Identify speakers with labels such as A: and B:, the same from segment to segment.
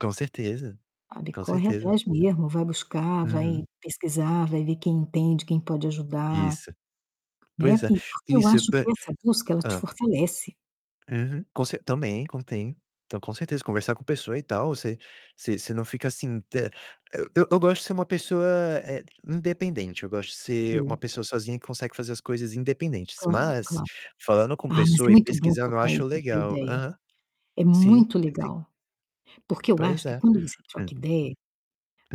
A: Com certeza,
B: Sabe,
A: com
B: corre
A: certeza.
B: atrás mesmo, vai buscar, vai
A: Uhum.
B: pesquisar, vai ver quem entende, quem pode ajudar,
A: Isso.
B: né.
A: Pois é,
B: E porque eu
A: isso
B: acho
A: ba
B: que essa busca ela te
A: hã.
B: fortalece.
A: Uhum, com cer também, contém. Então com certeza, conversar com pessoa e tal, você você você não fica assim t eu eu gosto de ser uma pessoa, eh, independente. Eu gosto de ser uma
B: Sim.
A: pessoa sozinha que consegue fazer as coisas independentes,
B: Claro,
A: mas,
B: claro.
A: falando com
B: Ah, mas é
A: pessoa e
B: muito bom
A: pesquisando, eu
B: trocar a
A: acho
B: trocar
A: legal.
B: ideia.
A: Aham.
B: É
A: Sim,
B: muito
A: sim, sim.
B: legal, porque eu
A: Pois
B: acho que
A: é.
B: quando você
A: Hum.
B: troca ideia,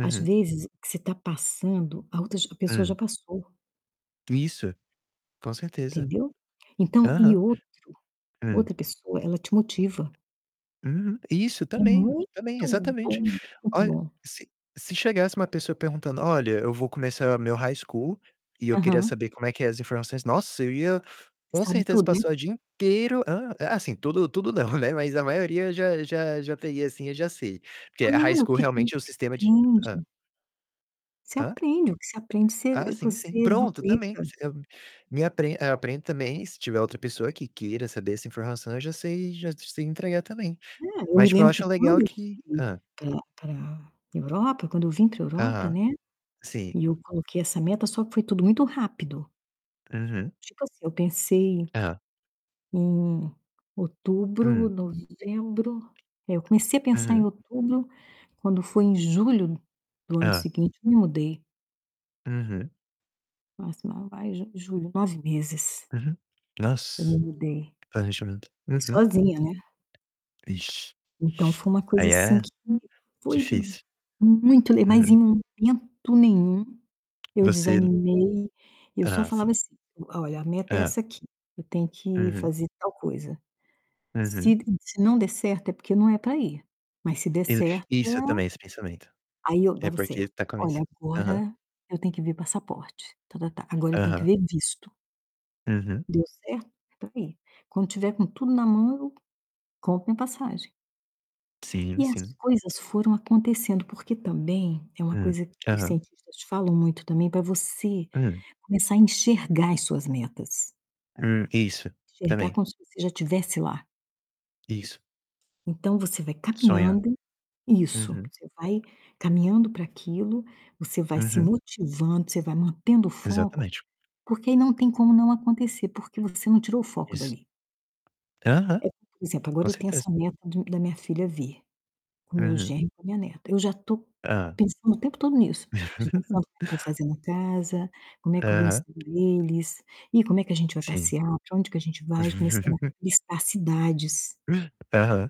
B: às vezes, o que você tá passando, a outra já a pessoa já
A: Hum.
B: passou.
A: Isso, com certeza.
B: Entendeu? Então e
A: Aham.
B: outro,
A: Hum.
B: outra pessoa, ela te motiva.
A: Uhum. Isso,
B: É
A: também, também,
B: muito
A: exatamente.
B: bom, muito
A: Olh
B: bom.
A: se se chegasse uma pessoa perguntando: "Olha, eu vou começar meu high school e eu queria
B: Aham.
A: saber como é que é as informações." Nossa, eu ia
B: Você
A: com
B: sabe
A: certeza
B: tudo, né.
A: passar o dia inteiro hã? Eh, assim, tudo tudo não, né, mas a maioria já já já teria assim eu já sei. Porque
B: Ah,
A: a high
B: não,
A: school
B: porque é quando
A: realmente é o
B: se
A: sistema de Hã.
B: aprende. Você
A: Hã?
B: aprende, o que você aprende, você
A: Ah, sim, sim.
B: você
A: Pronto, também,
B: duplica.
A: você eu me apre eu aprendo também, se tiver outra pessoa que queira saber essa informação, eu já sei já sei entregar também.
B: É, eu
A: Mas
B: me
A: tipo eu
B: lembro que
A: acho legal
B: quando eu
A: que
B: fui
A: hã.
B: pra pra Europa, quando eu vim pra Europa,
A: Aham,
B: né,
A: sim.
B: e eu coloquei essa meta só que foi tudo muito rápido.
A: Uhum.
B: Tipo assim, eu pensei
A: Hã.
B: em outubro,
A: Hum.
B: novembro, é, eu comecei a pensar em
A: Uhum.
B: outubro, quando foi em julho do ano
A: Hã.
B: seguinte, eu me mudei.
A: Uhum.
B: Março não, maio, junho, julho. 9 meses
A: Uhum.
B: que eu
A: Nossa!
B: me mudei
A: Planejamento.
B: e
A: Uhum.
B: sozinha, né.
A: Vixe,
B: Então
A: vixe!
B: foi uma coisa
A: Aí
B: assim
A: é
B: que foi
A: difícil.
B: muito le mas
A: Uhum.
B: em momento nenhum eu
A: Você
B: desanimei. Eu só
A: Aham,
B: falava
A: sim.
B: assim: "Olha, a meta é
A: É.
B: essa aqui, eu tenho que
A: Uhum.
B: fazer tal coisa. Se
A: Uhum.
B: n se não der certo, é porque não é pra ir, mas se der
A: Ex
B: certo"
A: isso também, esse pensamento.
B: Aí eu
A: É
B: dava
A: porque
B: certo.
A: tá
B: "Olha,
A: começan Aham.
B: agora eu tenho que ver passaporte", ta-ta-ta. "Agora eu tenho que
A: Aham.
B: ver visto".
A: Uhum.
B: Deu certo? É pra ir. Quando tiver com tudo na mão, compro minha passagem.
A: Sim,
B: E as
A: sim.
B: coisas foram acontecendo, porque também é uma
A: Hum,
B: coisa que os
A: aham.
B: cientistas falam muito também pra você
A: Hum.
B: começar a enxergar as suas metas.
A: Hum, isso,
B: Enxergar
A: também.
B: como se você já tivesse lá.
A: Isso.
B: Então você vai
A: Sonha.
B: caminhando isso,
A: Uhum.
B: você vai caminhando pra aquilo, você vai se
A: Uhum.
B: motivando, você vai mantendo o foco,
A: Exatamente.
B: porque aí não tem como não acontecer, porque você não tirou o foco
A: Isso.
B: dali.
A: Aham,
B: É, como, por exemplo, agora
A: com
B: eu tenho
A: certeza.
B: essa meta de da minha filha vir com meu
A: Uhum.
B: genro e com minha neta. Eu já tô
A: Hã.
B: pensando o tempo todo nisso. Já tô pensando no que eu vou fazer na casa, como é que eu vou
A: Aham.
B: receber eles, e como é que a gente vai
A: Sim.
B: passear, pra onde que a gente vai, já comecei a listar cidades.
A: Aham.